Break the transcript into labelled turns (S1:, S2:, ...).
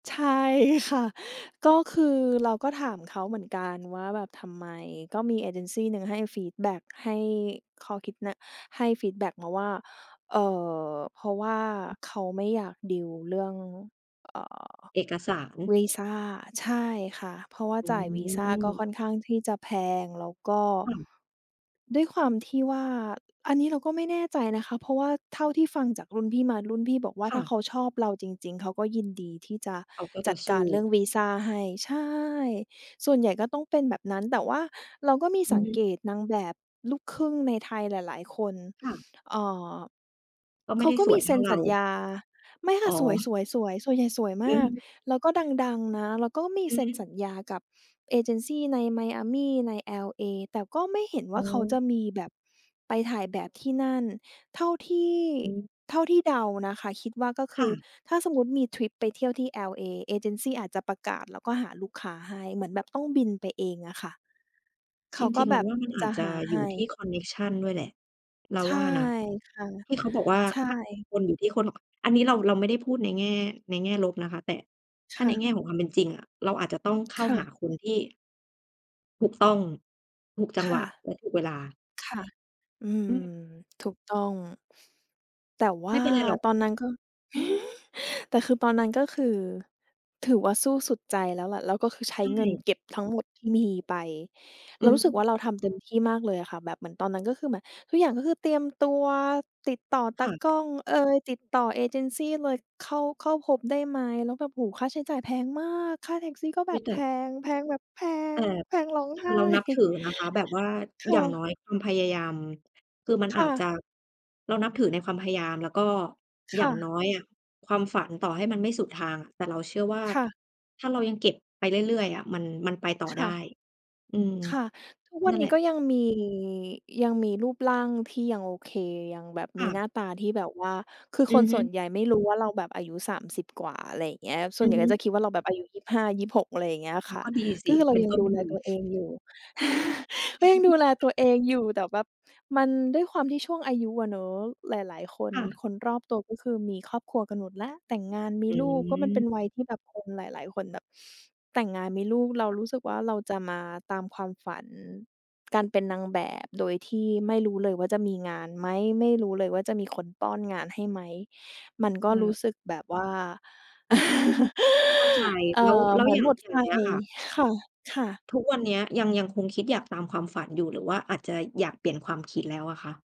S1: ใช่ค่ะ ก็คือเราก็ถามเขาเหมือนกันว่าแบบ ทำไม? ก็มีเอเจนซีหนึ่งให้ เออ ฟีดแบ็ก ให้ข้อคิดนะ ให้ฟีดแบ็กมาว่า เอ่อ เพราะว่าเขาไม่อยากดีลเรื่อง เอ่อ
S2: เอกสาร
S1: วีซา ใช่ค่ะ เพราะว่า
S2: อื
S1: จ่ายวีซาก็ค
S2: ม
S1: ่อนข้างที่จะแพง แล้วก็
S2: ค่ะ
S1: ด้วยความที่ว่า อันนี้เราก็ไม่แน่ใจนะคะ เพราะว่าเท่าที่ฟังจากรุ่นพี่มา รุ่นพี่บอกว่า
S2: ค่
S1: ถ้าเ
S2: ะ
S1: ขาชอบเราจริง ๆ เขาก็ยินดีที่จะ
S2: เขาก็จ
S1: จ
S2: ะ
S1: ัด
S2: ส
S1: ก
S2: ู้
S1: ารเรื่องวีซาให้ ใช่ ส่วนใหญ่ก็ต้องเป็นแบบนั้น แต่ว่าเราก็มี
S2: อื
S1: ส
S2: อ
S1: ัง
S2: ฮึ
S1: เกตนางแบบลูกครึ่งในไทยหลาย ๆ คน
S2: ค่ะ
S1: เอ่อ
S2: ก็ไม
S1: เข
S2: ่
S1: า
S2: ได้
S1: ก็
S2: ส
S1: ม
S2: ว
S1: ี
S2: ยเ
S1: เ
S2: ท
S1: ซ
S2: ่
S1: ็
S2: า
S1: น
S2: เร
S1: สัญ
S2: า
S1: ญา ไม่ค
S2: อ
S1: ่
S2: ๋
S1: ะ สว
S2: อ
S1: ย ๆ ๆ ส่วนใหญ่สวยม
S2: อือ
S1: า
S2: ฮ
S1: ก
S2: ึ
S1: แล้วก็ดัง ๆ นะ แล้วก็มี
S2: อื
S1: เซ
S2: อ
S1: ็น
S2: ฮึ
S1: สัญญากับเอเจนซีใน Miami ใน L.A. แต่ก็ไม่เห็นว
S2: อ
S1: ่
S2: ๋
S1: าเขา
S2: อ
S1: จะมีแบบไปถ่ายแบบที่นั่น เท่าที่
S2: อืม
S1: เท่าที่เดานะคะ คิดว่าก็ค
S2: ค
S1: ื
S2: ่
S1: อ
S2: ะ
S1: ถ้าสมมติมีทริปไปเที่ยวที่ L.A. เอเจนซีอาจจะประกาศแล้วก็หาลูกค้าให้ เหมือนแบบต้องบินไปเองอะค่ะ เข
S2: จ
S1: าก็
S2: ริง ๆ
S1: แ
S2: เ
S1: บ
S2: รา
S1: บ
S2: ว่ามันอ
S1: จ
S2: า
S1: ะ
S2: จจ
S1: ห
S2: ะ
S1: าใ
S2: อ
S1: ห
S2: ยู่ที่
S1: ้
S2: คอนเน็กชันด้วยแหละเรา
S1: ใช
S2: ว
S1: ่
S2: ่านะ
S1: ค่ะ
S2: ที่เขาบอกว่า
S1: ใช่
S2: ค่าของคนอยู่ที่คนของ อันนี้เรา เราไม่ได้พูดในแง่ ในแง่ลบนะคะ แต่
S1: ค
S2: ถ้า
S1: ่
S2: ใน
S1: ะ
S2: แง่ของความเป็นจริงอะ เราอาจจะต้องเข้
S1: ค
S2: า
S1: ่
S2: ห
S1: ะ
S2: าคนที่ ถูกต้อง ถูกจ
S1: ค
S2: ังหว
S1: ่ะ
S2: ะและถูกเวลา
S1: ค่ะ อื
S2: อ
S1: ม
S2: ืม
S1: ถูกต้อง แต่ว
S2: ไม
S1: ่า
S2: ่เป็นไรหรอก
S1: ตอนนั้นก็ แต่คือตอนนั้นก็คือ ถือว่าสู้สุดใจแล้วแหละ แล้วก็คือใช
S2: ใช
S1: ้เงิน
S2: ่
S1: เก็บทั้งหมดที่มีไป เ
S2: อ
S1: ร
S2: ื
S1: า
S2: อ
S1: รู้
S2: ฮ
S1: สึกว
S2: ึ
S1: ่าเราทำเต็มที่มากเลยอะค่ะ แบบเหมือนตอนนั้นก็คือแบบ ทุกอย่างก็คือเตรียมตัว ติดต่อต
S2: ค
S1: า
S2: ่ะ
S1: กล้องเอย ติดต่อเอเจนซีเลย เข้า เข้าพบได้ไหม แล้วแบบ โอ้โฮ ค่าใช้จ่ายแพงมาก ค่าแท็กซี่ก็แ
S2: อ
S1: บ
S2: ุ๊ย
S1: บ
S2: แต
S1: แพ
S2: ่
S1: ง แพงแบบแพ
S2: แต่
S1: ง แพงร้อง
S2: แต
S1: ไห
S2: ่
S1: ้
S2: เรานับถือนะคะ แบบว่า
S1: ค
S2: อ
S1: ่
S2: ย่าง
S1: ะ
S2: น้อยคุณพยายาม คือมัน
S1: ค
S2: อ
S1: ่
S2: าจจ
S1: ะ
S2: ะ เรานับถือในความพยายาม แล้วก็
S1: ค
S2: อย่า
S1: ่
S2: ง
S1: ะ
S2: น้อยอะความฝันต่อให้มันไม่สุดทาง แต่เราเชื่อว่า
S1: ค่ะ
S2: ถ้าเรายังเก็บไปเรื่อย ๆ อะ มัน มันไปต่อ
S1: ค
S2: ได้
S1: ่ะ
S2: อืม
S1: ค่ะ ทุกวั
S2: นั
S1: น
S2: ่น
S1: น
S2: แห
S1: ี
S2: ล
S1: ้
S2: ะ
S1: ก็ยังมี ยังมีรูปร่างที่ยังโอเค ยังแบบ
S2: ค
S1: ม
S2: ่
S1: ีหน
S2: ะ
S1: ้าตาที่แบบว่า คือ
S2: อื
S1: ค
S2: อ
S1: น
S2: ฮ
S1: ส่วน
S2: ึ
S1: ใหญ่ไม่รู้ว่าเราแบบอายุ 30 กว่า อะไรอย่างเงี้ย ส่ว
S2: อื
S1: นให
S2: อ
S1: ญ่
S2: ฮ
S1: ก็
S2: ึ
S1: จะคิดว่าเราแบบอายุ 25-26 อะไรอย่างเงี้ย
S2: อ้
S1: ค
S2: าว
S1: ่ะ
S2: ก็ดีส
S1: ก็
S2: ิ
S1: คือเร
S2: เ
S1: า
S2: ป็น
S1: ยั
S2: ต
S1: ง
S2: ้น
S1: ดู
S2: ท
S1: แล
S2: ุน
S1: ตัวเองอยู่ ก็ยังดูแลตัวเองอยู่ แต่แบบมัน ด้วยความที่ช่วงอายุอะเนาะ หลาย ๆ คน
S2: ค่ะ
S1: คนรอบตัวก็คือมีครอบครัวกันหมดแล้ว แต่งงานม
S2: อ
S1: ีลูก ก็มันเป
S2: ืม
S1: ็นวัยที่แบบคนหลาย ๆ คนแบบแต่งงานมีลูก เรา
S2: ค่ะ
S1: รู้สึกว่าเราจะมาตามความฝัน การเป็นนางแบบ โดยที่ไม่รู้เลยว่าจะมีงานไหม? ไม่รู้เลยว่า จะมีคนป้อนงานให้ไหม? มันก
S2: เ
S1: ็รู
S2: ออ
S1: ้สึกแบบว่า
S2: เข้าใจ
S1: เอ่อ
S2: แล้ว แล้
S1: เห
S2: ว
S1: มือ
S2: อ
S1: น
S2: ย่าง
S1: หมด
S2: อย
S1: ไ
S2: ่
S1: ฟ
S2: างเงี้ยค่ะ
S1: ค่ะ ค่ะ
S2: ทุกวันเนี้ย ยัง ยังคงคิดอยากตามความฝันอยู่ หรือว่าอาจจะอยากเปลี่ยนความคิดแล้วอะคะ?